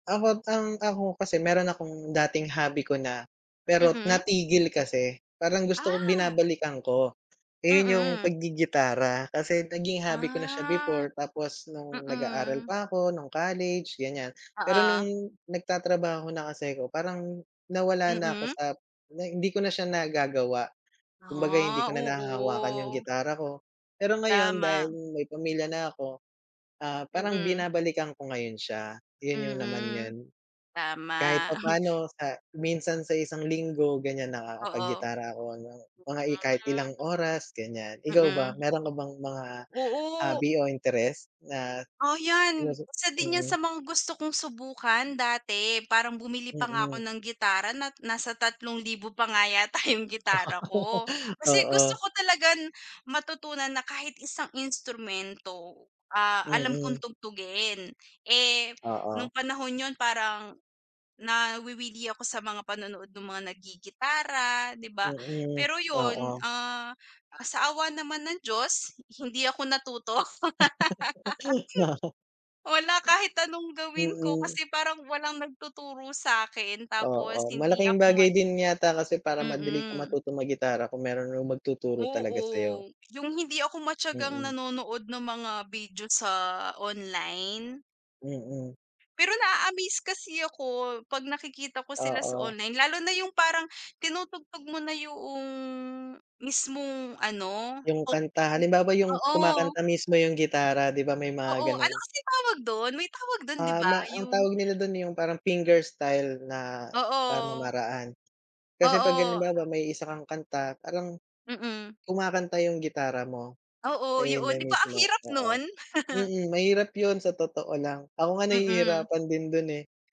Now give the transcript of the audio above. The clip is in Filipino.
Ako't ang ako kasi mayro'n akong dating hobby ko na pero Mm. natigil kasi parang gusto ko Ah. binabalikan ko. Ayun, yung Mm. paggigitara kasi naging hobby ko na siya Ah, before tapos nung nag-aaral mm. pa 'ko nung college, ganyan, pero nung Oo. nagtatrabaho na kasi ko parang nawala na ako Mm. sap nay hindi ko na siya nagagawa, kumbaga hindi Ah, ko na nahahawakan yung oo. gitara ko. Pero ngayon dahil Tama. may pamilya na ako. Ah, parang Mm. binabalikan ko ngayon siya, 'yon yung naman Mm, 'yon. Kahit tama. papaano sa minsan sa isang linggo ganyan nakakapag Oo. gitara ako hanggang mga i kahit ilang Hmm. oras ganyan, ikaw ba? Mm. Mayro'n ka bang mga Oo. hobby o interest na Oh, di ba yan sa isa din yan sa mm. mga gusto kong subukan dati parang bumili pa nga ako Mm. ng gitara nat nasa 3,000 pa nga yata yung gitara ko. Kasi Oo. gusto ko talagang matutunan na kahit isang instrumento, ah, alam kong Mm. tugtugin. Eh, Oo. nung panahon 'yon parang nawiwili ako sa mga panonood nong mga nagigitara, di ba? Mm, Pero 'yon, oo. ah ah sa awa naman ng Diyos, hi hindi ako natuto. Wow. Wala, kahit anong Hmm. gawin ko Mm. kasi parang walang nagtuturo sakin tapos Oo, hindi malaking ako mad bagay din yata kasi para madali kang Mm. matutong maggitara kung mayron nu magtuturo talaga sayo. Oo, yung hindi ako matiyagang Mm. nanonood ng mga video sa online. Mm. Pero naa-amaze kasi ako pag nakikita ko sila sa Oo. online, lalo na yung parang tinutugtog mo na yung mismong ano, Yung oh kanta, om halimbawa, [unintelligible] yung oo. kumakanta mismo yung gitara, di ba, may mga Oo, ano gano'n? kasi tawag do'n may tawag do'n, di Ah, ba? ma ang Yung tawag nila do'n yung parang finger style na Oo. pamamaraan. Kasi pag Oo. halimbawa may isa kang kanta parang, Mm. kumakanta yung gitara mo. Oo, Eh, 'yon na 'yon, di ba ang mismo hirap no'n? oo, mm, mahirap 'yon sa totoo lang ako nga Mm. nahihirapan din do'n, eh.